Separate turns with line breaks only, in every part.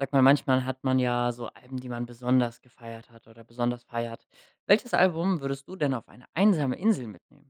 Sag mal, manchmal hat man ja so Alben, die man besonders gefeiert hat oder besonders feiert. Welches Album würdest du denn auf eine einsame Insel mitnehmen?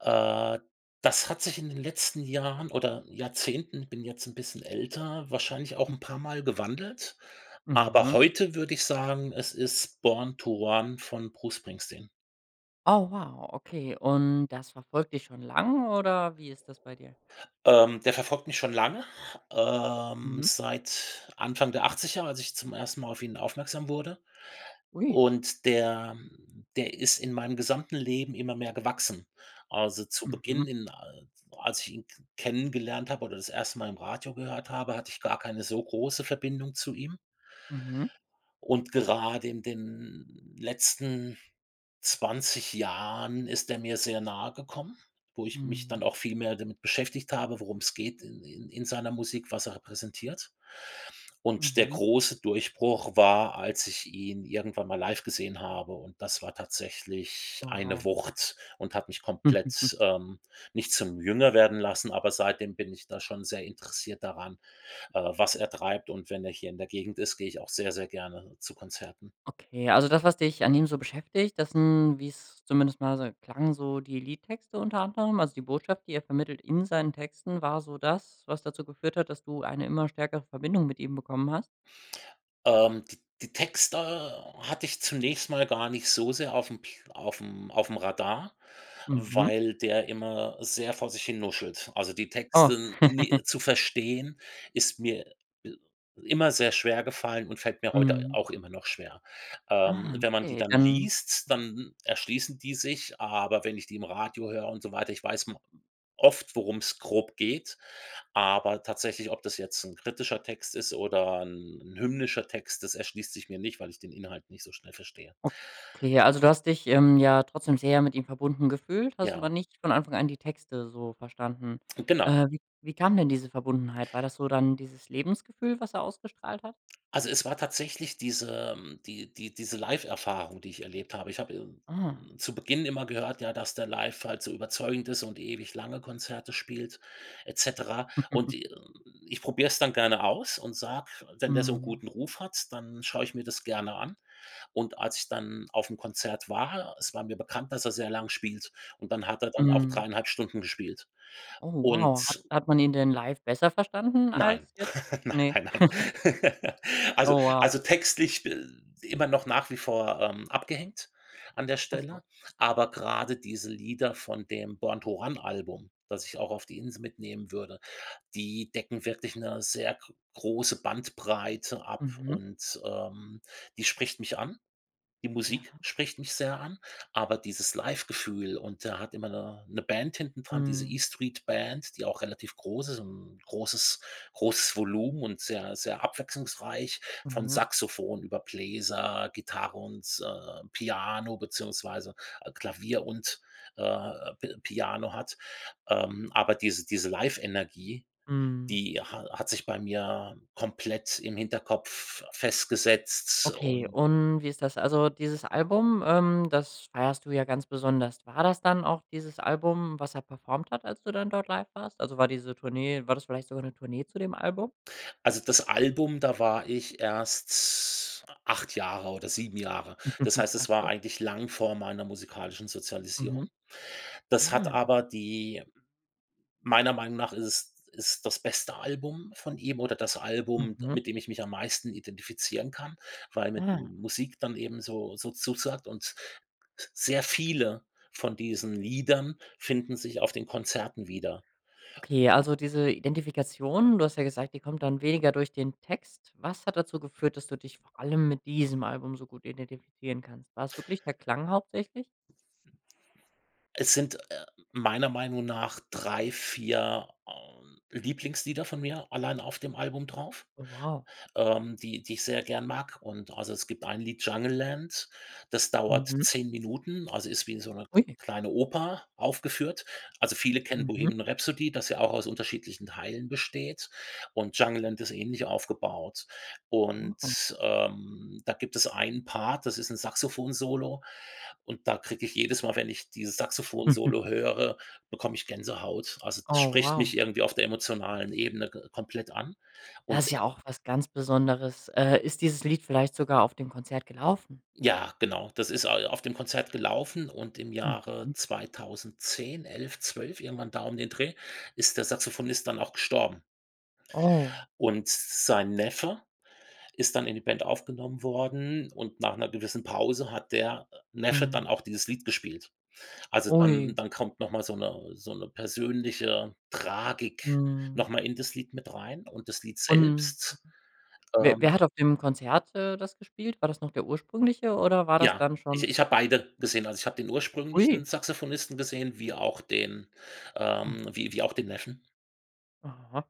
Äh. Das hat sich in den letzten Jahren oder Jahrzehnten, ich bin jetzt 'n bisschen älter, wahrscheinlich auch 'n paarmal gewandelt. Aber
Mhm.
heute würde ich sagen, es ist „Born to Run“ von Bruce Springsteen.
Oh, wow, okay. Und das verfolgt dich schon lange oder wie ist das bei dir?
Ähm, der verfolgt mich schon lange, ähm,
Mhm.
seit Anfang der 80er, als ich zum ersten Mal auf ihn aufmerksam wurde.
Ui.
Und der der ist in meinem gesamten Leben immer mehr gewachsen. Also, zu
Mhm.
Beginn in al als ich ihn k kennengelernt habe oder das erste Mal im Radio gehört habe, hatte ich gar keine so große Verbindung zu ihm.
Mhm.
Und gerade in den letzten 20 Jahren ist der mir sehr nahegekommen, wo ich mich dann
Mhm.
auch viel mehr damit beschäftigt habe, worum's geht in in in seiner Musik, was er repräsentiert. Und der
Mhm.
große Durchbruch war, als ich ihn irgendwann mal live gesehen habe. Und das war tatsächlich eine
Wow.
Wucht und hat mich komplett, ähm nicht zum Jünger werden lassen, aber seitdem bin ich da schon sehr interessiert daran, äh, was er treibt. Und wenn er hier in der Gegend ist, gehe ich auch sehr, sehr gerne zu Konzerten.
Okay, also, das, was dich an ihm so beschäftigt, das sind, wie's zumindest mal so klang, so die Liedtexte unter anderem. Also, die Botschaft, die er vermittelt in seinen Texten war so das, was dazu geführt hat, dass du eine immer stärkere Verbindung mit ihm bekommen hast?
Ähm, di die Text äh, hatte ich zunächst mal gar nicht so sehr aufm aufm aufm Radar,
Mhm.
weil der immer sehr vor sich hin nuschelt. Also, die
Oh.
Texte ni zu verstehen ist mir i immer sehr schwergefallen und fällt mir heute a
Mhm.
auch immer noch schwer.
Ah,
Ähm, wenn man die
okay.
dann
Ähm.
liest, dann erschließen die sich, aber wenn ich die im Radio höre und so weiter, ich weiß ma oft, worum's grob geht. Aber tatsächlich, ob das jetzt 'n kritischer Text ist oder 'n 'n hymnischer Text, das erschließt sich mir nicht, weil ich den Inhalt nicht so schnell verstehe.
Okay. Also, du hast dich, ähm, ja trotzdem sehr mit ihm verbunden gefühlt, hast aber
Ja.
nicht von Anfang an die Texte so verstanden.
Genau.
Äh, wie wie kam denn diese Verbundenheit? War das so dann dieses Lebensgefühl, was er ausgestrahlt hat?
Also, es war tatsächlich diese, ähm die die diese Live-Erfahrung, die ich erlebt habe. Ich habe, äh,
Ah.
hm, zu Beginn immer gehört, ja, dass der Live halt so überzeugend ist und ewig lange Konzerte spielt et cetera. Und ich probier's dann gerne aus und sage: „Wenn der so 'n
Mhm.
guten Ruf hat, dann schau ich mir das gerne an.“ Und als ich dann aufm Konzert war, es war mir bekannt, dass er sehr lang spielt und dann hat er dann auch
Mhm.
3,5 Stunden gespielt.
Oh, wow, hat
Und
hat man ihn denn live besser verstanden
Nein.
als jetzt?
Nein
Ne.
nein nein. Also
Oh, wow.
also, textlich, äh, immer noch nach wie vor, ähm, abgehängt an der
Ah so.
Stelle. Aber grade diese Lieder von dem „Born to Run“ Album, das ich auch auf die Insel mitnehmen würde, die decken wirklich 'ne sehr g große Bandbreite ab
Mhm.
und, ähm, die spricht mich an. Die Musik
Ja.
spricht mich sehr an, aber dieses Live-Gefühl und da hat immer 'ne 'ne Band hinten dran, diese
Mhm.
„E-Street-Band“, die auch relativ groß ist, 'n großes großes Volumen und sehr sehr abwechslungsreich von
Mhm.
Saxofon über Bläser, Gitarre und, äh, Piano beziehungsweise Klavier und äh, Pi Piano hat. Ähm, aber diese diese Live-Energie,
Mhm.
die ha hat sich bei mir komplett im Hinterkopf festgesetzt
Okay.
und
Und wie ist das? Also, dieses Album, ähm, das feierst du ja ganz besonders. War das dann auch dieses Album, was er performt hat, als du dann dort live warst? Also, war diese Tournee war das vielleicht sogar 'ne Tournee zu dem Album?
Also, das Album, da war ich erst 8 Jahre oder 7 Jahre. Das heißt,
Ah,
es war
so.
eigentlich lang vor meiner musikalischen
Mhm.
Sozialisierung. Das hat
Ah.
aber die meiner Meinung nach ist es ist das beste Album von ihm oder das Album,
Mhm.
mit dem ich mich am meisten identifizieren kann, weil mir die
Ah.
Musik dann eben so so zusagt. Und sehr viele von diesen Liedern finden sich auf den Konzerten wieder.
Okay, also, diese Identifikation, du hast ja gesagt, die kommt dann weniger durch den Text. Was hat dazu geführt, dass du dich vor allem mit diesem Album so gut identifizieren kannst? War's wirklich der Klang hauptsächlich?
Es sind, äh, meiner Meinung nach 3, 4 ähm, Lieblingslieder von mir allein auf dem Album drauf,
Oh, wow.
ähm, die die ich sehr gerne mag. Und, also, es gibt ein Lied „Jungleland“, das dauert
Mhm.
10 Minuten, also, ist wie so 'ne
Ui.
kleine Oper aufgeführt. Also viele kennen
Mhm.
„Bohemian Rhapsody“, das ja auch aus unterschiedlichen Teilen besteht. Und „Jungleland“ ist ähnlich aufgebaut.
Mhm.
Und, ähm, da gibt es einen Part, das ist 'n Saxofon-Solo. Und da kriege ich jedes Mal, wenn ich dieses Saxofon-Solo höre bekomme ich Gänsehaut. Also, das
Oh,
spricht
wow.
mich irgendwie auf der emotionalen Ebene ge komplett an.
Das
Und,
ist
äh
ja auch was ganz Besonderes. Äh, ist dieses Lied vielleicht sogar auf dem Konzert gelaufen?
Ja, genau. Das ist a auf dem Konzert gelaufen und im Jahre
Mhm.
2010, 11, 12 irgendwann da um den Dreh ist der Saxophonist dann auch gestorben.
Oh.
Und sein Neffe ist dann in die Band aufgenommen worden und nach 'ner gewissen Pause hat der Neffe
Mhm.
dann auch dieses Lied gespielt. Also, dann
Ui.
dann kommt noch mal so 'ne so 'ne persönliche Tragik
Mhm.
noch mal in das Lied mit rein und das Lied
Und
selbst,
wer wer
ähm
hat auf dem Konzert, äh, das gespielt? War das noch der ursprüngliche oder war das
Ja,
dann
ich
schon
ich habe beide gesehen. Also, ich habe den ursprünglichen
Ui.
Saxophonisten gesehen, wie auch den
Aha.
ähm, wie wie auch den Neffen.
Aha.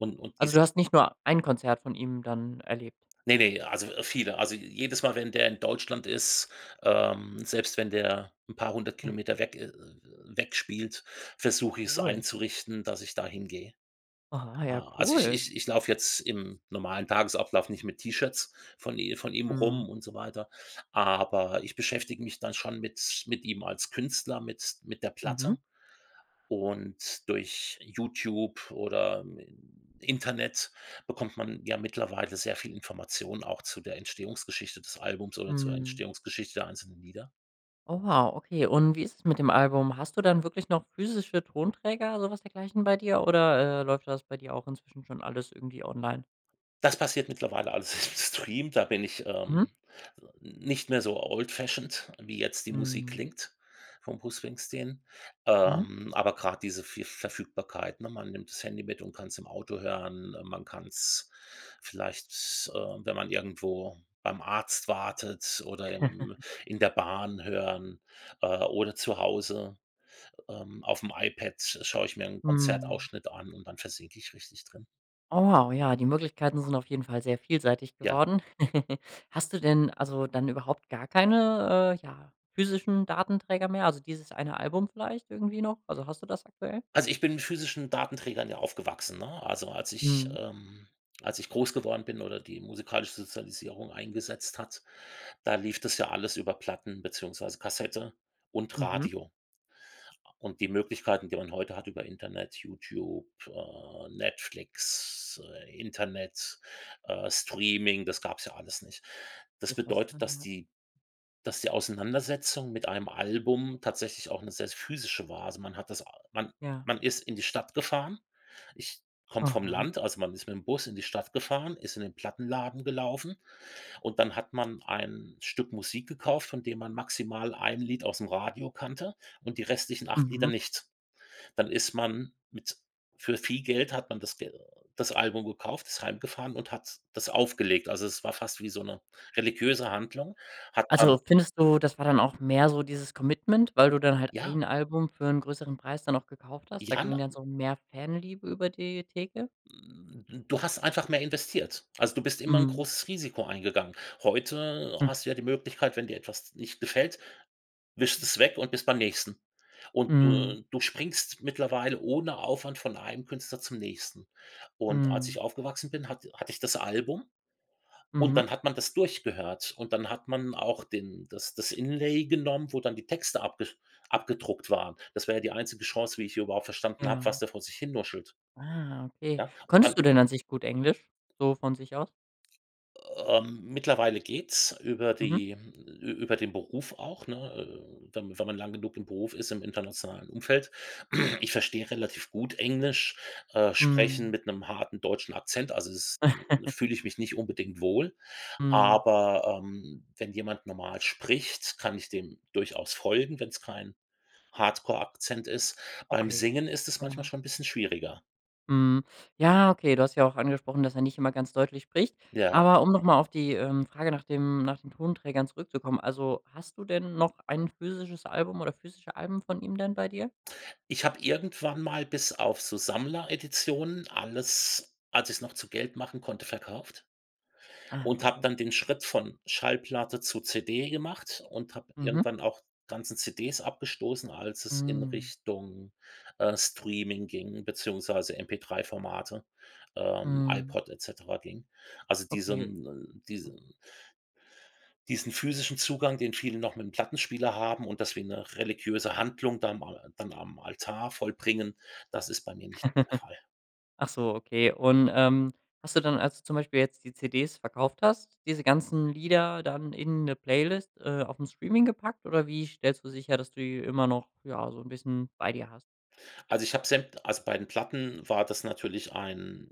Und und
Also,
dieses
du hast nicht nur ein Konzert von ihm dann erlebt?
Ne, ne, also, viele also, jedes Mal, wenn der in Deutschland ist, ähm, selbst wenn der 'n paar 100 Kilometer weg äh äh, weg spielt, versuch ich 's
Cool.
einzurichten, dass ich dahin gehe.
Aha, ja,
A also, ich
cool.
ich ich lauf jetzt im normalen Tagesablauf nicht mit T-Shirts von i von ihm
Mhm.
rum und so weiter. Aber ich beschäftige mich dann schon mit mit ihm als Künstler, mit mit der
Mhm.
Platte und durch Youtube oder, ähm, Internet bekommt man ja mittlerweile sehr viel Informationen auch zu der Entstehungsgeschichte des Albums oder zur
Mhm.
Entstehungsgeschichte der einzelnen Lieder.
Oh, wow, okay, und wie ist es mit dem Album? Hast du dann wirklich noch physische Tonträger, so was dergleichen bei dir oder, äh, läuft das bei dir auch inzwischen schon alles irgendwie online?
Das passiert mittlerweile alles im Stream. Da bin ich, ähm,
Mhm.
nicht mehr so: old-fashioned, wie jetzt die Musik
Mhm.
klingt vom Bruce Springsteen.
Mhm.
Ähm, aber grad diese vie Verfügbarkeit, ne? Man nimmt das Handy mit und kann's im Auto hören. Äh, man kann's vielleicht, äh, wenn man irgendwo beim Arzt wartet oder im in der Bahn hören, äh, oder zu Hause. Ähm, aufm iPad schaue ich mir 'n
Mhm.
Konzertausschnitt an und dann versinke ich richtig drin.
Oh, wow, ja, die Möglichkeiten sind auf jeden Fall sehr vielseitig
Ja.
geworden. Hast du denn, also, dann überhaupt gar keine, äh, ja, physischen Datenträger mehr, also, dieses eine Album vielleicht irgendwie noch? Also hast du das aktuell?
Also, ich bin mit physischen Datenträgern ja aufgewachsen, ne? Also, als ich,
Mhm.
ähm als ich groß geworden bin oder die musikalische Sozialisierung eingesetzt hat, da lief das ja alles über Platten beziehungsweise Kassette und
Mhm.
Radio. Und die Möglichkeiten, die man heute hat über Internet, Youtube, äh, Netflix, äh, Internet, äh, Streaming, das gab's ja alles nicht. Das
Ist was
bedeutet,
dran,
dass
ja.
die dass die Auseinandersetzung mit einem Album tatsächlich auch 'ne sehr, sehr physische war. Also, man hat das a man
Ja.
man ist in die Stadt gefahren. Ich komme vom
Aha.
Land, also, man ist mit dem Bus in die Stadt gefahren, ist in den Plattenladen gelaufen. Und dann hat man ein Stück Musik gekauft, von dem man maximal ein Lied ausm Radio kannte und die restlichen 8 Lieder
Mhm.
nicht. Dann ist man mit für viel Geld hat man das Ge das Album gekauft, ist heimgefahren und hat’s das aufgelegt. Also, es war fast wie so 'ne religiöse Handlung, hat man
Also, findest du, das war dann auch mehr so dieses Commitment, weil du dann halt
Ja.
ein Album für 'n größeren Preis dann auch gekauft hast? Da
Ja,
ging
na
dann so mehr Fanliebe über die Theke?
Hm, du hast einfach mehr investiert. Also, du bist immer 'n
Mhm.
großes Risiko eingegangen. Heute hast du ja die Möglichkeit, wenn dir etwas nicht gefällt, wischst es weg und bist beim nächsten. Und
Mhm.
du du springst mittlerweile ohne Aufwand von einem Künstler zum nächsten. Und als
Mhm.
ich aufgewachsen bin, hatt hatte ich das Album und
Mhm.
dann hat man das durchgehört. Und dann hat man auch den das das Inlay genommen, wo dann die Texte abge abgedruckt waren. Das wäre ja die einzige Chance, wie ich hier überhaupt verstanden habe,
Ja.
was der vor sich hin nuschelt.
Ah, okay.
Ja, und dann
Konntest du denn an sich gut Englisch, so von sich aus?
Ähm. Mittlerweile geht's über
Mhm.
die ü über den Beruf auch, ne, äh, dann, wenn man lang genug im Beruf ist im internationalen Umfeld. Ich verstehe relativ gut Englisch, äh, Sprechen
Mhm.
mit 'nem harten deutschen Akzent. Also, es hm, fühle ich mich nicht unbedingt wohl.
Mhm.
Aber, ähm, wenn jemand normal spricht, kann ich dem durchaus folgen, wenn's kein Hardcore-Akzent ist. Beim
Okay.
Singen ist es manchmal
Genau.
schon bisschen schwieriger.
Mhm. Ja, okay. Du hast ja auch angesprochen, dass er nicht immer ganz deutlich spricht.
Ja, ja.
Aber um noch mal auf die, ähm, Frage nach dem nach den Tonträgern zurückzukommen. Also hast du denn noch ein physisches Album oder physische Alben von ihm denn bei dir?
Ich habe irgendwann mal bis auf so Sammlereditionen alles, als ich's noch zu Geld machen konnte, verkauft.
Ah,
Und habe
okay.
dann den Schritt von Schallplatte zu CD gemacht und habe
Mhm.
irgendwann auch ganzen CDs abgestoßen, als es in
Hm.
Richtung, äh, Streaming ging, beziehungsweise MP3 Formate, ähm,
Mhm.
iPod et cetera ging. Also,
Okay,
diesem, ähm,
ja.
diesem diesen physischen Zugang, den viele noch mit 'nem Plattenspieler haben und dass wir 'ne religiöse Handlung da mal dann am Altar vollbringen, das ist bei mir nicht mehr der Fall.
Ach so, okay. Und, ähm, hast du dann, als du zum Beispiel jetzt die CDs verkauft hast, diese ganzen Lieder dann in 'ne Playlist, äh, aufm Streaming gepackt? Oder wie stellst du sicher, dass du die immer noch, ja, so 'n bisschen bei dir hast?
Also, ich habe sämt also, bei den Platten war das natürlich ein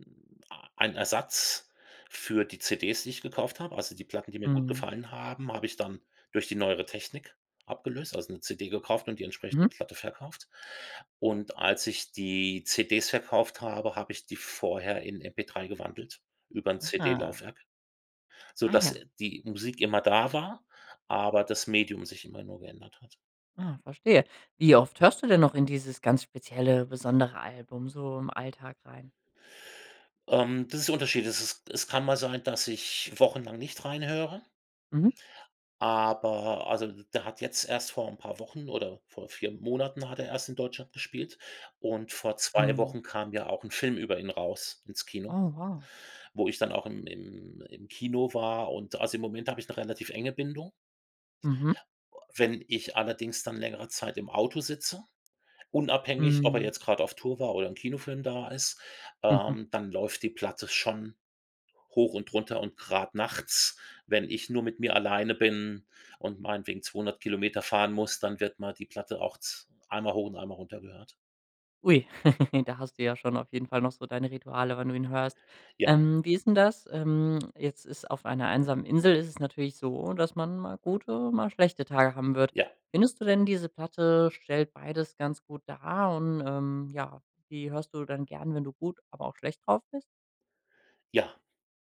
a ein Ersatz für die CDs, die ich gekauft habe. Also, die Platten, die mir gut
Mhm.
gefallen haben, habe ich dann durch die neuere Technik abgelöst, also, 'ne CD gekauft und die entsprechende
Mhm.
Platte verkauft. Und als ich die CDs verkauft habe, habe ich die vorher in MP3 gewandelt über 'n CD
Ah.
Laufwerk,
Ah,
sodass
ja.
die Musik immer da war, aber das Medium sich immer nur geändert hat.
Ah, verstehe. Wie oft hörst du denn noch in dieses ganz spezielle besondere Album so im Alltag rein?
Ähm, das ist der unterschiedlich. Es ist es kann mal sein, dass ich wochenlang nicht reinhöre
Mhm.
aber also, da hat jetzt erst vor 'n paar Wochen oder vor 4 Monaten hat er erst in Deutschland gespielt. Und vor 2
Mhm.
Wochen kam ja auch 'n Film über ihn raus ins Kino
Oh, wow.
wo ich dann auch im im im Kino war. Und, also, im Moment habe ich 'ne relativ enge Bindung.
Mhm.
Wenn ich allerdings dann längere Zeit im Auto sitze, unabhängig, ob er
Hm.
jetzt grad auf Tour war oder 'n Kinofilm da ist, ähm, dann läuft die Platte schon hoch und runter und grad nachts, wenn ich nur mit mir alleine bin und meinetwegen 200 Kilometer fahren muss, dann wird mal die Platte auch z einmal hoch und einmal runter gehört.
Ui, da hast du ja schon auf jeden Fall noch so deine Rituale, wenn du ihn hörst.
Ja.
Ähm, wie ist 'n das? Ähm, jetzt ist auf einer einsamen Insel ist es natürlich so, dass man mal gute, mal schlechte Tage haben wird.
Ja.
Findest du denn diese Platte stellt beides ganz gut dar und, ähm, ja, die hörst du dann gern, wenn du gut, aber auch schlecht drauf bist?
Ja.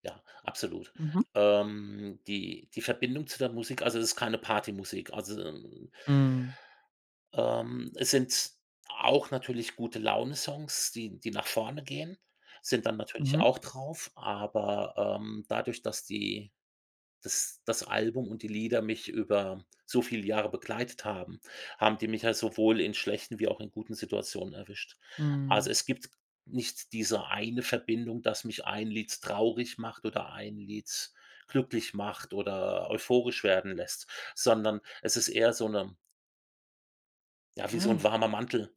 Ja, absolut.
Mhm.
Ähm, die die Verbindung zu der Musik also, das ist keine Partymusik. Also, äh
Hm.
ähm, es sind auch natürlich Gute-Laune-Songs, die die nach vorne gehen sind dann natürlich
Mhm.
auch drauf. Aber, ähm, dadurch, dass die dass das Album und die Lieder mich über so viel Jahre begleitet haben, haben die mich ja sowohl in schlechten wie auch in guten Situationen erwischt. Also,
Hm.
es gibt nicht diese eine Verbindung, dass mich 1 Lied traurig macht oder 1 Lied glücklich macht oder euphorisch werden lässt. Sondern es ist eher so 'ne ja, wie
Ah,
so 'n
ja.
warmer Mantel.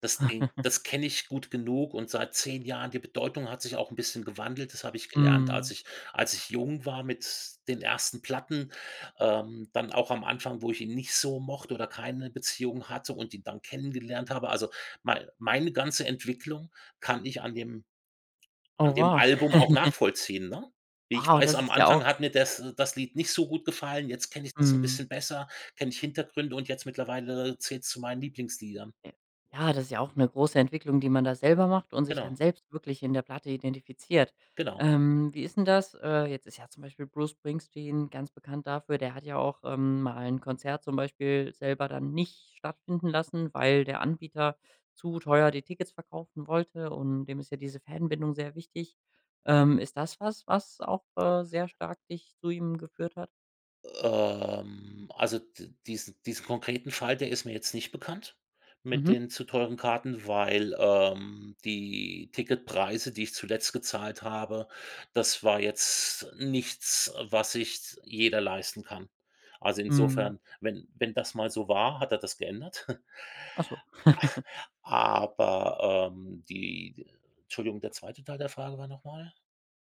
Das den das kenne ich gut genug und seit 10 Jahren die Bedeutung hat sich auch 'n bisschen gewandelt. Das habe ich gelernt, als
Hm.
ich als ich jung war mit den ersten Platten. Ähm, dann auch am Anfang, wo ich ihn nicht so mochte oder keine Beziehung hatte und ihn dann kennengelernt habe. Also, mei meine ganze Entwicklung kann ich an dem
Oh,
an dem
wow.
Album auch nachvollziehen, ne? Wie ich
Wow,
weiß,
das
am
ist ja auch
Anfang hat mir das das Lied nicht so gut gefallen. Jetzt kenne ich das 'n
Mhm.
bisschen besser, kenne ich Hintergründe und jetzt mittlerweile zählt's zu meinen Lieblingsliedern.
Äh, ja, das ist ja auch 'ne große Entwicklung, die man da selber macht und sich dann
Genau.
selbst wirklich in der Platte identifiziert.
Genau.
Ähm, wie ist 'n das? Äh, jetzt ist ja zum Beispiel Bruce Springsteen ganz bekannt dafür der hat ja auch, ähm, mal 'n Konzert zum Beispiel selber dann nicht stattfinden lassen, weil der Anbieter zu teuer die Tickets verkaufen wollte, und dem ist ja diese Fan-Bindung sehr wichtig. Ähm, ist das was, was auch, äh, sehr stark dich zu ihm geführt hat?
Ähm, also, die diesen diesen konkreten Fall, der ist mir jetzt nicht bekannt mit
Mhm.
den zu teuren Karten, weil, ähm, die Ticketpreise, die ich zuletzt gezahlt habe, das war jetzt nichts, äh, was sich s jeder leisten kann. Also,
Mhm.
insofern, wenn wenn das mal so war, hat er das geändert.
Ach so.
Aber, ähm, die d Entschuldigung, der 2. Teil der Frage war noch mal?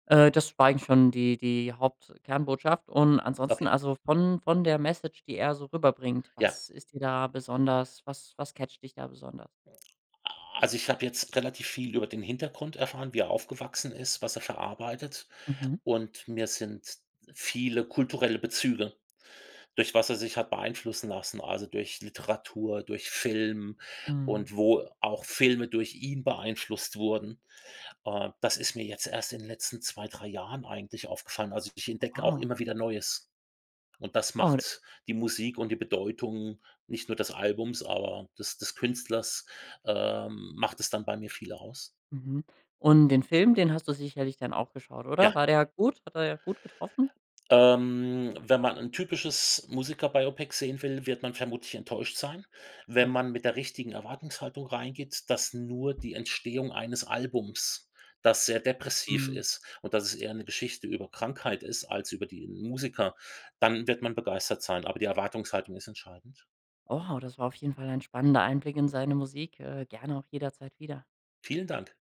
Äh, das war eigentlich schon die die Haupt Kernbotschaft. Und ansonsten
Okay.
also, von von der Message, die er so rüberbringt,
Ja
was ist dir da besonders was was catcht dich da besonders?
Also, ich habe jetzt relativ viel über den Hintergrund erfahren, wie er aufgewachsen ist, was er verarbeitet.
Mhm.
Und mir sind viele kulturelle Bezüge durch was er sich hat beeinflussen lassen, also, durch Literatur, durch Film
Mhm.
und wo auch Filme durch ihn beeinflusst wurden. Ah, das ist mir jetzt erst in den letzten 2, 3 Jahren eigentlich aufgefallen. Also, ich
Oh,
entdecke auch
wow.
immer wieder Neues. Und das
Oh, d
macht die Musik und die Bedeutung nicht nur des Albums, aber des des Künstlers ähm, macht es dann bei mir viel aus.
Mhm. Und den Film, den hast du sicherlich dann auch geschaut, oder?
Ja.
War der gut? Hat der da gut getroffen?
Ähm, wenn man 'n typisches Musiker-Biopic sehen will, wird man vermutlich enttäuscht sein. Wenn
Oh.
man mit der richtigen Erwartungshaltung reingeht, dass nur die Entstehung eines Albums, das sehr depressiv
Mhm.
ist, und dass es eher 'ne Geschichte über Krankheit ist als über den Musiker, dann wird man begeistert sein. Aber die Erwartungshaltung ist entscheidend.
Wow, das war auf jeden Fall ein spannender Einblick in seine Musik. Äh, gerne auch jederzeit wieder.
Vielen Dank.